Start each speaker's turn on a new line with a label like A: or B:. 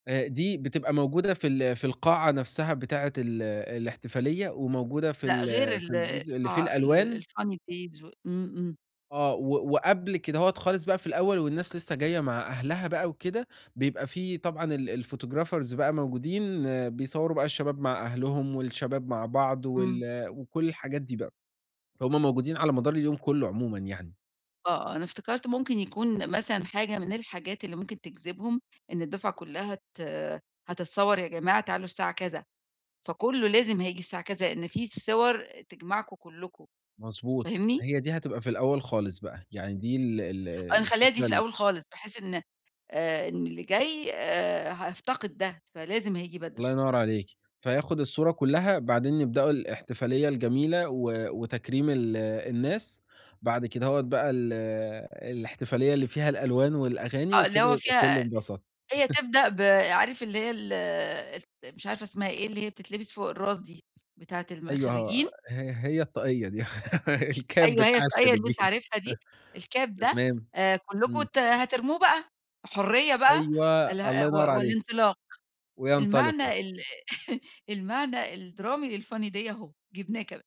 A: آآ دي بتبقى موجودة في ال في القاعة نفسها بتاعة ال الاحتفالية، وموجودة في
B: لأ
A: ال
B: غير
A: في
B: ال
A: الجزء اللي في
B: الفا
A: الألوان؟
B: ال الFUNNY PAGE و إمم إمم.
A: آه و وقبل كدهوة خالص بقى في الأول والناس لسه جاية مع أهلها بقى وكده، بيبقى في طبعًا ال الفوتو جرافرز بقى موجودين، بيصوروا بقى الشباب مع أهلهم والشباب مع بعض
B: إمم.
A: وال وكل الحاجات دي بقى، فهُم موجودين على مدار اليوم كلّه عمومًا يعني.
B: آه أنا افتكرت ممكن يكون مثلًا حاجة من الحاجات اللي ممكن تجذبهم، إن الدفعة كلّها ت هتتصور، يا جماعة تعالوا الساعة كذا، فكلّه لازم هييجي الساعة كذا لإن في صور تجمعكم كلكم
A: مضبوط،
B: فاهمني؟
A: ما هي دي هتبقى في الأول خالص بقى، يعني دي ال ال
B: آه نخلّيها دي
A: الفكرة
B: في
A: ال
B: الأول خالص بحيث إن آآ، إن اللي جاي آآ، هيفتقد ده، فلازم هييجي بدري.
A: الله ينّور عليكِ، فياخد الصورة كلّها بعدين يبدأوا الإحتفالية الجميلة و وتكريم ال الناس، بعد كدهوة بقى ال الاحتفالية اللي فيها الألوان والأغاني
B: آه اللي
A: وكده
B: هو
A: يبقى
B: فيها،
A: كلّه انبسط.
B: هي تبدأ ب عارف اللي هي ال الت مش عارفة اسمها إيه اللي هي بتتلبس فوق الراس دي، بتاعة الم
A: أيوه
B: الخرجين.
A: ها ه هي الطقيّة دي الكاب
B: أيوة هي
A: بتاع
B: الطاقيّة اللي أنت
A: الخريجين
B: عارفها دي الكاب ده
A: تمام
B: آآ كلكم
A: إمم.
B: ت هترموه بقى حرية بقى،
A: أيوه
B: اله أ
A: الله ينّور
B: و
A: عليكِ،
B: والانطلاق
A: وينطلقوا.
B: المعنى ال المعنى الدرامي للFUNNY DAY اهو جبناه كمان.